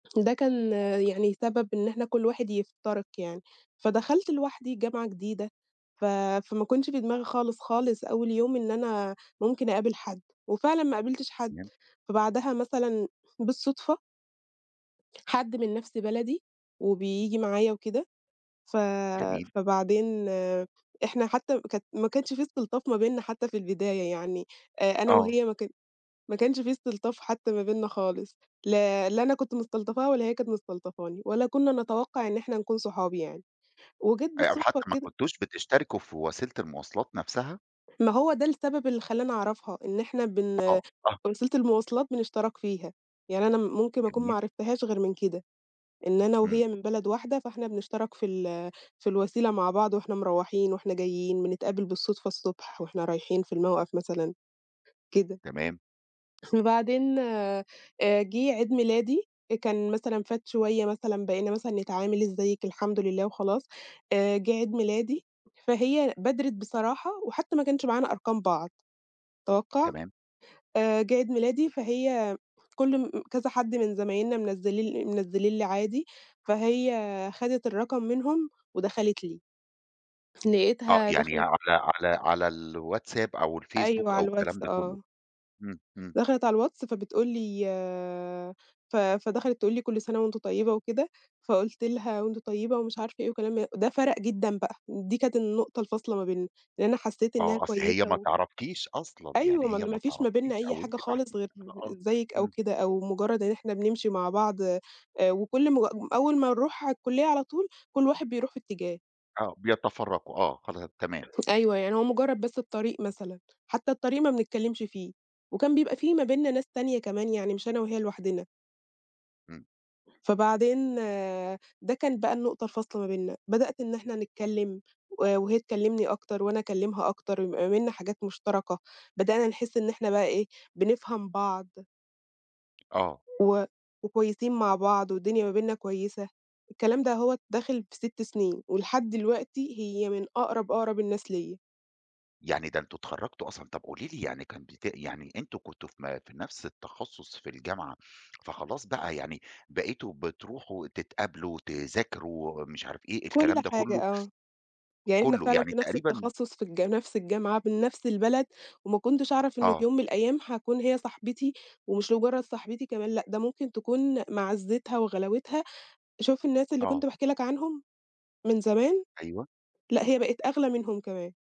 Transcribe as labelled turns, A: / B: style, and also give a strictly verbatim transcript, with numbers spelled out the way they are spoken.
A: ده كان يعني سبب إن إحنا كُلّ واحد يفترق يعني، فدخلت لوحدي جامعة جديدة، ف فما كانش في دماغي خالص، خالص أوّل يوم إن أنا ممكن أقابل حد، وفعلًا ما قابلتش حد.
B: تمام.
A: فبعدها مثلًا بالصدفة حد من نَفْس بلدي وبييجي معايا وكده، ف
B: جميل.
A: فبعدين إحنا حتّى كانت ما كانش في استلطاف ما بيننا حتّى في البداية يعني، آآ، أنا
B: آه.
A: وهي ما كان ما كانش في استلطاف حتّى ما بيننا خالص، ل لا أنا كنت مستلطفاها ولا هي كانت مستلطفاني، ولا كنّا نتوقع إن إحنا نكون صحاب يعني، وجات
B: أ أو
A: بالصدقة
B: حتى ما
A: كده
B: كُنتوش بتشتركوا في وسيلة المواصلات نَفْسها؟
A: ما هو ده السبب اللي خلّاني أعرفها، إن إحنا بن
B: آه، آه.
A: وسيلة المواصلات بنشترك فيها. يعني أنا ممكن أكون ما
B: جميل.
A: عرفتهاش غير من كده، إن أنا
B: إمم.
A: وهي من بلد واحدة، فإحنا بنشترك في ال في الوسيلة مع بعض وإحنا مروّحين وإحنا جايين، بنتقابل بالصدفة الصبح وإحنا رايحين في
B: امم.
A: الموقَف مثلًا، كده.
B: تمام.
A: وبعدين آآ، جِه عيد ميلادي، كان مثلًا فات شويّة مثلًا بقينا مثلًا نتعامل "إزيك؟" "الحمد لله." وخلاص، آآ، جِه عيد ميلادي فهي بادرِت بصراحة، وحتّى ما كانش معانا أرقام بعض، توقَّع.
B: تمام.
A: آآ، جِه عيد ميلادي فهي كُلّ مم كذا حد من زمايلنا منزِّلي منزّلين لي عادي، فهي خدِت الرقم منهم ودخلِت لي.
B: آه،
A: لقيتها
B: يعني
A: دخلِت
B: على على على الواتساب أو
A: أيوه،
B: الفيسبوك أو
A: على
B: الكلام
A: الواتس
B: ده كلّه،
A: آه.
B: إمم، إمم.
A: دخلِت على الواتس فبتقول لي آآ، ف فدخلِت تقول لي: "كُلّ سنة وأنتِ طيبة" وكده، فقُلت لِها: "وأنتِ طيبة"، ومش عارفة إيه وكلام من ده فَرَق جدًا بقى، دي كانت النقطة الفاصلة ما بيننا لأنّي حسّيت إنّها
B: آه، أصل هي
A: كويّسة
B: ما
A: و
B: تعرفكيش أصلًا، يعني
A: أيوه، م
B: هي
A: ما
B: ما
A: فيش ما
B: تعرفكيش
A: بيننا أي
B: أو أنتِ
A: حاجة خالص
B: [unintelligible]
A: غير
B: آه،
A: إزيك أو
B: إمم.
A: كده، أو مجرد إن إحنا بنمشي مع بعض آآ، وكُلّ م أول ما نروح على الكلية على طول كُلّ واحد بيروح في اتجاه.
B: آه، بيتفرّقوا آه، خلا تمام.
A: أيوه يعني هو مجرّد بس الطريق مثلًا، حتّى الطريق ما بنتكلمش فيه، وكان بيبقى في ما بيننا ناس تانية كمان يعني، مش أنا وهي لوحدنا.
B: إمم.
A: فبعدين ده كان بقى النقطة الفاصلة ما بيننا، بدأت إن إحنا نتكلّم و وهي تكلمني أكتر وأنا أكلمها أكتر، ما بيننا حاجات مشتركة، بدأنا نحس إن إحنا بقى إيه بنفهم بعض
B: آه.
A: و وكويسين مع بعض والدنيا ما بيننا كويّسة، الكلام ده هوّة داخل في ست سنين، ولحد دلوقتي هي من أقرب، أقرب الناس ليّا.
B: يعني ده أنتم اتخرجتوا أصلًا، طَب قولي لي يعني كان بت يعني أنتم كنتوا في م في نَفْس التخصص في الجامعة، فخلاص بقى يعني بقيتوا بتروحوا تتقابلوا تذاكروا مش عارف إيه،
A: كُلّ
B: الكلام ده
A: حاجة
B: كلّه
A: آه. يعني إحنا
B: كلّه
A: فعلًا
B: يعني
A: في نَفْس
B: تقريبًا
A: التخصص في الجا في نَفْس الجامعة من نَفْس البلد، وما كُنتش أعرف إنّه في
B: آه.
A: يوم من الأيّام هاكون هي صاحبتي، ومش مجرّد صاحبتي كمان، لأ ده ممكن تكون معزّتها وغلاوتها، شوف الناس اللي كُنت
B: آه.
A: باحكي لك عنهم من زمان،
B: أيوه.
A: لأ هي بقِت أغلى منهم كمان.